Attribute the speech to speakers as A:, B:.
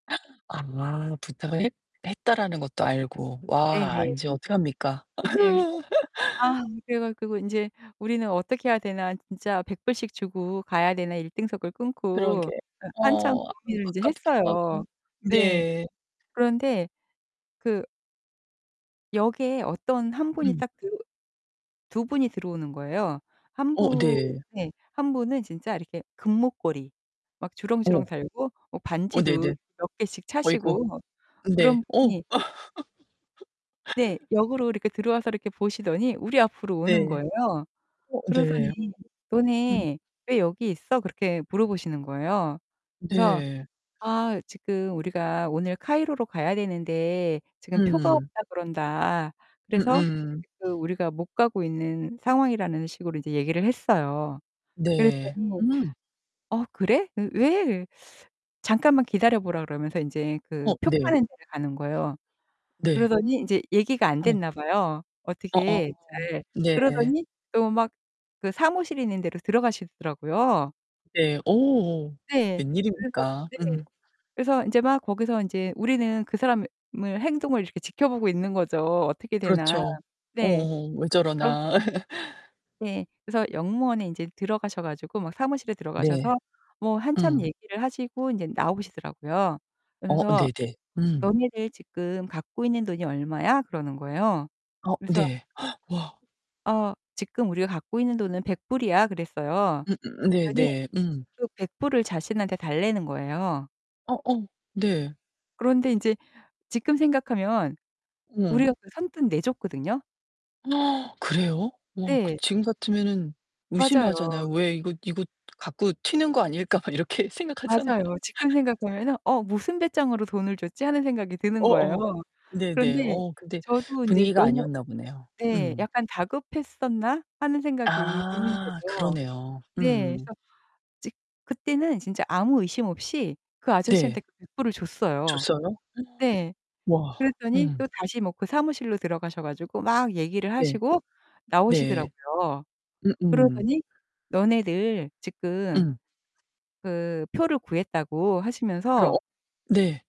A: 아 부탁을 했 했다라는 것도 알고.
B: 네네.
A: 와 인제 어떡합니까?
B: 네 그래서 아 그래 가지고 '인제 우리는 어떻게 해야 되나? 진짜 $100 씩 주고 가야 되나.' 일등석을 끊고
A: 그러게.
B: 예 한참
A: 어 아
B: 고민을 이제
A: 아깝기도
B: 했어요.
A: 하고.
B: 네.
A: 네.
B: 그런데 그 역에 어떤 1 분이
A: 음.
B: 딱 들어 2 분이 들어오는 거예요. 1
A: 어
B: 분
A: 네.
B: 네. 1 분은 진짜 이렇게 금목걸이 막
A: 어.
B: 주렁주렁 달고 뭐
A: 어
B: 반지도
A: 네네.
B: 몇 개씩
A: 아이고.
B: 차시고 뭐
A: 네.
B: 그런
A: 어.
B: 분이 네 역으로 이렇게 들어와서 이렇게 보시더니 우리 앞으로 오는
A: 네.
B: 거예요.
A: 어
B: 그러더니
A: 네. 음.
B: "너네 왜 여기 있어?" 그렇게 물어보시는 거예요. 그래서
A: 네.
B: 아 지금 우리가 오늘 카이로로 가야 되는데 지금 표가
A: 음.
B: 없다 그런다. 그래서
A: 음음.
B: 그 우리가 못 가고 있는 상황이라는 식으로 이제 얘기를 했어요.
A: 네.
B: 그랬더니
A: 음.
B: "어 그래? 으 왜?" 잠깐만 기다려 보라 그러면서 이제 그
A: 어
B: 표
A: 네.
B: 파는 데를 가는 거예요.
A: 네.
B: 그러더니 인제 얘기가 안
A: 어.
B: 됐나 봐요
A: 어어
B: 어떻게 잘.
A: 네.
B: 그러더니 또 막 그 사무실 있는 데로 들어가시더라고요.
A: 네 어
B: 네. 그래서
A: 왠일입니까?
B: 네.
A: 음.
B: 그래서 인제 막 거기서 인제 우리는 그 사람의 행동을 이렇게 지켜보고 있는 거죠 어떻게 되나.
A: 그렇죠.
B: 네.
A: 어어 왜
B: [unintelligible]
A: 저러나.
B: 네. 그래서 역무원에 이제 들어가셔 가지고 막 사무실에
A: 네.
B: 들어가셔서 뭐 한참
A: 음.
B: 얘기를 하시고 이제 나오시더라고요.
A: 어
B: 그러면서
A: 네네. 음.
B: "너네들 지금 갖고 있는 돈이 얼마야?" 그러는 거예요.
A: 어
B: 그래서
A: 네. 와.
B: "어 지금 우리가 갖고 있는 돈은 $100 이야." 그랬어요.
A: 음음
B: 그랬더니
A: 네네. 음.
B: 그 $100 을 자신한테 달라는 거예요.
A: 어어 네.
B: 그런데 인제 지금 생각하면
A: 음.
B: 우리가 그 선뜻 내줬거든요?
A: 그래요? 어 그
B: 네.
A: 지금 같으면은
B: 맞아요.
A: 의심하잖아요. 왜 '이거 이거 갖고 튀는 거 아닐까?' 막 이렇게 생각하잖아요.
B: 맞아요. 지금 생각하면은 '어? 무슨 배짱으로 돈을 줬지?' 하는 생각이 드는 거예요.
A: 어어. 네네.
B: 그런데
A: 어 근데
B: 저도 이제
A: 분위기가
B: '너무
A: 아니었나 보네요.
B: '네
A: 음.
B: '...약간 다급했었나?' 하는 생각이 드는
A: 아
B: 거죠.
A: 그러네요.
B: 네.
A: 음.
B: 그래서 이제 그때는 진짜 아무 의심 없이 그 아저씨한테
A: 네.
B: 그 $100 을 줬어요.
A: 줬어요?
B: 네.
A: 와.
B: 그랬더니
A: 음.
B: 또 다시 뭐 그 사무실로 들어가셔 가지고 막 얘기를
A: 네.
B: 하시고
A: 네.
B: 나오시더라고요.
A: 음음.
B: 그러더니 너네들 지금
A: 음.
B: 그 표를 구했다고 하시면서
A: 어어. 네.